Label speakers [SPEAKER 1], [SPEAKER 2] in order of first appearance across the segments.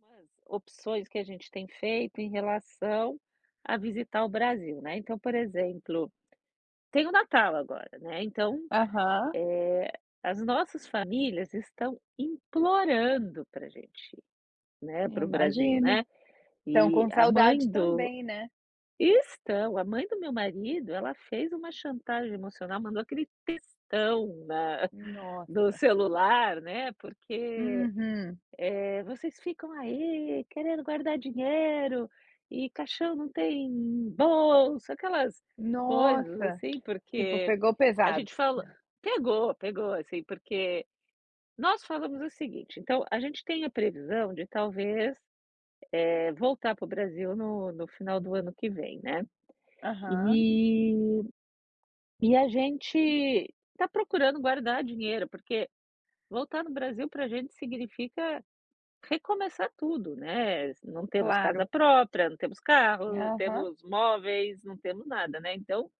[SPEAKER 1] Nas opções que a gente tem feito em relação a visitar o Brasil, né, então por exemplo, tem o natal agora, né, então,
[SPEAKER 2] Aham.
[SPEAKER 1] eh, as nossas famílias estão implorando pra gente ir, né, pro Brasil,
[SPEAKER 2] Imagino.
[SPEAKER 1] né.
[SPEAKER 2] Estão
[SPEAKER 1] E
[SPEAKER 2] com
[SPEAKER 1] a mãe
[SPEAKER 2] saudade
[SPEAKER 1] do
[SPEAKER 2] também, né.
[SPEAKER 1] estão, a mãe do meu marido ela fez uma chantagem emocional, mandou aquele textão na no
[SPEAKER 2] Nossa.
[SPEAKER 1] celular, né, porque,
[SPEAKER 2] Uhum.
[SPEAKER 1] eh, "vocês ficam aí querendo guardar dinheiro, e caixão não tem bolsa", aquelas coisas
[SPEAKER 2] Nossa,
[SPEAKER 1] assim
[SPEAKER 2] tipo
[SPEAKER 1] porque
[SPEAKER 2] pegou
[SPEAKER 1] a
[SPEAKER 2] pesado.
[SPEAKER 1] gente falou pegou, pegou assim porque, nós falamos o seguinte, então a gente tem a previsão de talvez, eh, voltar pro Brasil no no final do ano que vem, né.
[SPEAKER 2] Aham.
[SPEAKER 1] E, e a gente está procurando guardar dinheiro porque, voltar no Brasil pra gente significa recomeçar tudo, né, não temos casa
[SPEAKER 2] Claro.
[SPEAKER 1] própria, não temos carro,
[SPEAKER 2] Aham.
[SPEAKER 1] temos móveis, não temos nada, né, então,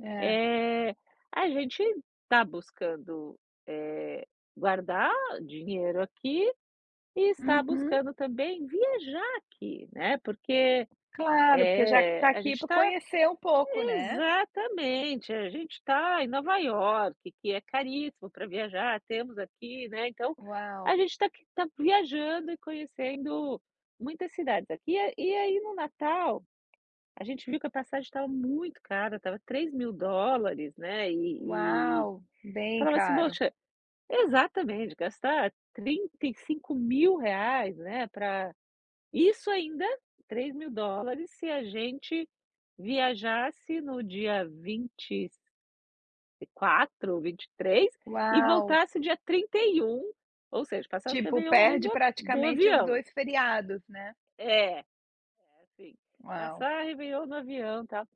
[SPEAKER 2] É.
[SPEAKER 1] eh, a gente está buscando, eh, guardar dinheiro aqui, e está
[SPEAKER 2] Uhum.
[SPEAKER 1] buscando também viajar aqui, né, porque,
[SPEAKER 2] Claro, porque já que
[SPEAKER 1] eh,
[SPEAKER 2] está
[SPEAKER 1] a
[SPEAKER 2] aqui,
[SPEAKER 1] gente
[SPEAKER 2] para
[SPEAKER 1] está
[SPEAKER 2] conhecer um pouco, né.
[SPEAKER 1] exatamente a gente está em Nova Iorque que é caríssimo pra viajar temos aqui, né, então, a
[SPEAKER 2] Uau.
[SPEAKER 1] gente está aqui está viajando e conhecendo muitas cidades aqui, e a e aí no Natal, a gente viu que a passagem estava muito cara, estava $3.000 né e e,
[SPEAKER 2] Uau, bem
[SPEAKER 1] falava assim
[SPEAKER 2] caro.
[SPEAKER 1] poxa, exatamente gastar R$ 35.000 né, pra, isso ainda, $3.000 se a gente viajasse no dia 20 quatro, 23 e
[SPEAKER 2] Uau.
[SPEAKER 1] voltasse dia 31 ou seja, passasse o
[SPEAKER 2] Tipo,
[SPEAKER 1] réveillon dentro do
[SPEAKER 2] perde
[SPEAKER 1] ho do
[SPEAKER 2] praticamente os
[SPEAKER 1] avião.
[SPEAKER 2] 2 feriados, né.
[SPEAKER 1] É, é assim,
[SPEAKER 2] Uau.
[SPEAKER 1] passar réveillon no avião tal.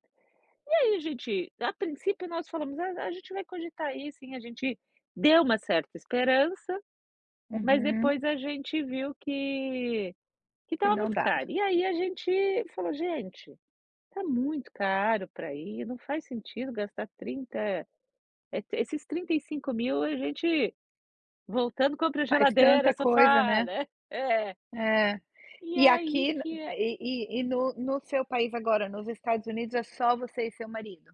[SPEAKER 1] E aí a gente, a princípio nós falamos não, não a gente vai cogitar ir sim, a gente deu uma certa esperança, mas
[SPEAKER 2] Uhum.
[SPEAKER 1] depois a gente viu que, que
[SPEAKER 2] Que
[SPEAKER 1] estava
[SPEAKER 2] não
[SPEAKER 1] muito
[SPEAKER 2] dava.
[SPEAKER 1] caro, e aí a gente falou: "Gente, tá muito caro pra ir, não faz sentido gastar 30, eh, esses 35.000 a gente voltando, compra
[SPEAKER 2] Faz
[SPEAKER 1] geladeira,
[SPEAKER 2] tanta coisa,
[SPEAKER 1] sofá,
[SPEAKER 2] né.
[SPEAKER 1] né". É.
[SPEAKER 2] Eh,
[SPEAKER 1] E
[SPEAKER 2] e
[SPEAKER 1] aí
[SPEAKER 2] aqui
[SPEAKER 1] que é
[SPEAKER 2] e e e no no seu país agora nos Estados Unidos, é só você e seu marido?